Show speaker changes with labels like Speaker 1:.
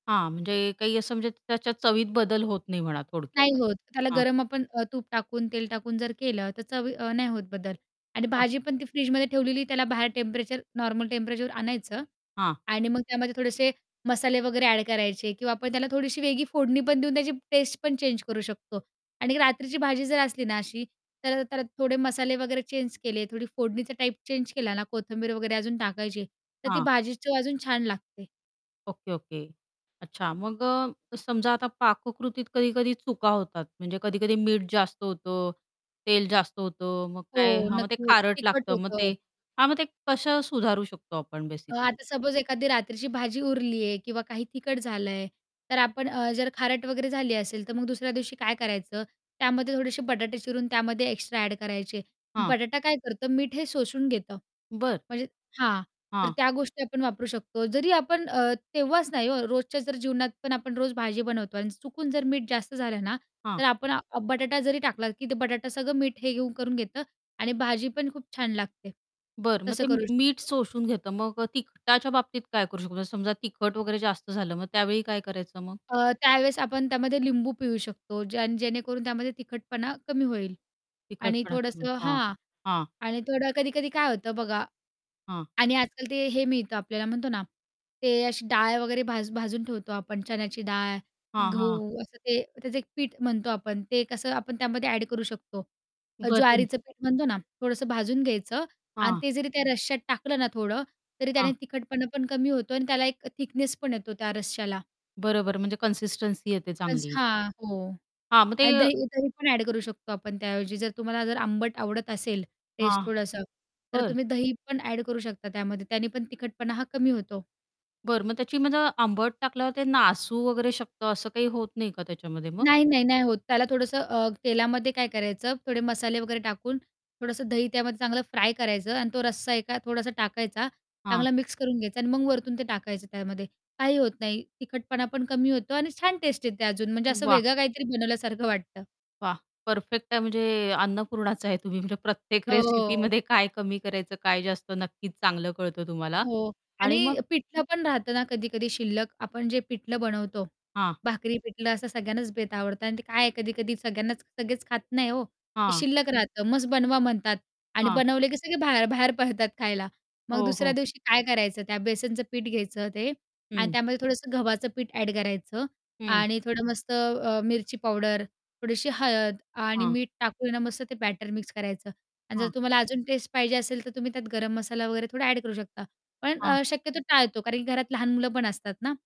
Speaker 1: हां, म्हणजे काही असं म्हणजे त्याच्या चवीत बदल होत नाही म्हणा
Speaker 2: नाही
Speaker 1: थोडक्यात.
Speaker 2: होत त्याला
Speaker 1: हां
Speaker 2: गरम आपण अ, तूप टाकून, तेल टाकून जर केलं तर चवी अ, नाही होत बदल आणि
Speaker 1: [unintelligible]
Speaker 2: भाजी पण ती फ्रिजमध्ये ठेवलेली त्याला बाहेर टेम्परेचर नॉर्मल टेम्परेचरवर आणायचं
Speaker 1: हां.
Speaker 2: आणि मग त्यामध्ये थोडेसे मसाले वगैरे अ‍ॅड करायचे किंवा आपण त्याला थोडीशी वेगळी फोडणी पण देऊन त्याची टेस्ट पण चेंज करू शकतो आणि रात्रीची भाजी जर असली ना अशी, तर त्याला थोडे मसाले वगैरे चेंज केले, थोडी फोडणीचा टाईप चेंज केला ना कोथिंबीर वगैरे अजून टाकायची तर ती
Speaker 1: हां.
Speaker 2: भाजी चव अजून छान लागते.
Speaker 1: Okay, okay. अच्छा मग अ, समजा आता पाककृतीत कधी-कधी चुका होतात. म्हणजे कधी-कधी मीठ जास्त होतं, तेल जास्त होतं, मग
Speaker 2: हो
Speaker 1: काय हां, मग ते
Speaker 2: नक्की होतं,
Speaker 1: खारट
Speaker 2: तिखट
Speaker 1: लागतं, मग
Speaker 2: होतं.
Speaker 1: ते हां मग ते कसं सुधारू शकतो आपण बेसिकली?
Speaker 2: आता सपोज एखादी रात्रीची भाजी उरली आहे किंवा काही तिखट झालंय तर आपण अ, जर खारट वगैरे झाली असेल, तर मग दुसऱ्या दिवशी काय करायचं त्यामध्ये थोडेसे बटाटे चिरून त्यामध्ये एक्स्ट्रा अ‍ॅड करायचे.
Speaker 1: हां.
Speaker 2: बटाटा काय करतं मीठ हे शोषून घेतं.
Speaker 1: बरं.
Speaker 2: म्हणजे हां, तर
Speaker 1: हां.
Speaker 2: त्या गोष्टी आपण वापरू शकतो. जरी आपण अ, तेव्हाच नाही हो रोजच्या जर जीवनात पण आपण रोज भाजी बनवतो आणि चुकून जर मीठ जास्त झालं ना,
Speaker 1: हां.
Speaker 2: तर आपण अ, बटाटा जरी टाकला की ते बटाटा सगळं मीठ हे घेऊन करून घेतं आणि भाजी पण खूप छान लागते.
Speaker 1: बरं मग
Speaker 2: तसं
Speaker 1: ते म
Speaker 2: करू
Speaker 1: मीठ
Speaker 2: शकतो.
Speaker 1: शोषून घेतं. मग अ, तिखटच्या बाबतीत काय करू शकतो समजा तिखट वगैरे जास्त झालं मग त्यावेळी काय करायचं मग?
Speaker 2: अ, त्यावेळेस आपण त्यामध्ये लिंबू पिळू शकतो ज्याण जेणेकरून त्यामध्ये तिखटपणा कमी होईल आणि
Speaker 1: तिखटपणा कमी.
Speaker 2: थोडंसं
Speaker 1: हां,
Speaker 2: हां
Speaker 1: हां.
Speaker 2: आणि थोडं कधी-कधी काय होतं बघा
Speaker 1: हां.
Speaker 2: आणि आजकाल ते हे मिळतं आपल्याला म्हणतो ना ते अशी डाळ वगैरे भाज भाजून ठेवतो आपण चण्याची डाळ,
Speaker 1: हां, हां.
Speaker 2: गहू, असं ते त्याचं एक पीठ म्हणतो आपण ते कसं आपण त्यामध्ये अ‍ॅड करू शकतो.
Speaker 1: बरं. [unintelligible]
Speaker 2: ज्वारीचं पीठ म्हणतो ना थोडंसं भाजून घ्यायचं आणि
Speaker 1: हां.
Speaker 2: ते जरी त्या रश्यात टाकलं ना थोडं, तरी
Speaker 1: हां.
Speaker 2: त्याने तिखटपणा पण कमी होतो आणि त्याला एक थिकनेस पण येतो त्या रश्याला.
Speaker 1: बरोबर म्हणजे कन्सिस्टन्सी येते
Speaker 2: [unintelligible]
Speaker 1: चांगली?
Speaker 2: हां, हो
Speaker 1: हां मग ते
Speaker 2: आणि दही दही पण अ‍ॅड करू शकतो आपण त्याऐवजी जर तुम्हाला जर आंबट आवडत असेल टेस्ट
Speaker 1: हां,
Speaker 2: थोडंसं, तर
Speaker 1: बरं.
Speaker 2: तुम्ही दही पण अ‍ॅड करू शकता त्यामध्ये, त्याने पण तिखटपणा हा कमी होतो.
Speaker 1: बरं मग त्याची म्हणजे आंबट टाकल्यावर ते नासू वगैरे शकतं असं काही होत नाही का त्याच्यामध्ये मग?
Speaker 2: नाही, नाही, नाही होत त्याला थोडंसं अ, तेलामध्ये काय करायचं, थोडे मसाले वगैरे टाकून थोडंसं दही त्यामध्ये चांगलं फ्राय करायचं आणि तो रस्सा एका थोडासा टाकायचा.
Speaker 1: हां.
Speaker 2: चांगला मिक्स करून घ्यायचा आणि मग वरतून ते टाकायचं त्यामध्ये. काही होत नाही, तिखटपणा पण कमी होतो आणि छान टेस्ट आहे ते अजून म्हणजे असं
Speaker 1: वाह!
Speaker 2: वेगळं काहीतरी बनवल्यासारखं वाटतं.
Speaker 1: वाह! परफेक्ट आहे म्हणजे अन्नपूर्णाच आहे तुम्ही म्हणजे प्रत्येक
Speaker 2: हो.
Speaker 1: रेसिपीमध्ये काय कमी करायचं, काय जास्त. नक्कीच चांगलं कळतं तुम्हाला
Speaker 2: हो
Speaker 1: आणि मग
Speaker 2: आणि पिठलं पण राहतं ना कधी-कधी शिल्लक. आपण जे पिठलं बनवतो
Speaker 1: हां.
Speaker 2: भाकरी-पिठलं असं सगळ्यांनाच बेत आवडतं आणि ते काय आहे कधी-कधी सगळ्यांनाच सगळेच खात नाही हो. ते
Speaker 1: हां.
Speaker 2: शिल्लक राहतं मस्त बनवा म्हणतात आणि
Speaker 1: हां.
Speaker 2: बनवले की सगळे बाहेर बाहेर पडतात खायला. मग
Speaker 1: हो,
Speaker 2: दुसऱ्या
Speaker 1: हो.
Speaker 2: दिवशी काय करायचं त्या बेसनचं पीठ घ्यायचं ते आणि
Speaker 1: हं.
Speaker 2: त्यामध्ये थोडंसं गव्हाचं पीठ अ‍ॅड करायचं
Speaker 1: हं.
Speaker 2: आणि थोडं मस्त अ, मिरची पावडर, थोडीशी हळद आणि
Speaker 1: हां.
Speaker 2: मीठ टाकून ना मस्त ते बॅटर मिक्स करायचं आणि जर
Speaker 1: हां.
Speaker 2: तुम्हाला अजून टेस्ट पाहिजे असेल, तर तुम्ही त्यात गरम मसाला वगैरे थोडा अ‍ॅड करू शकता. पण
Speaker 1: हां.
Speaker 2: अ, शक्यतो टाळतो कारण की घरात लहान मुलं पण असतात ना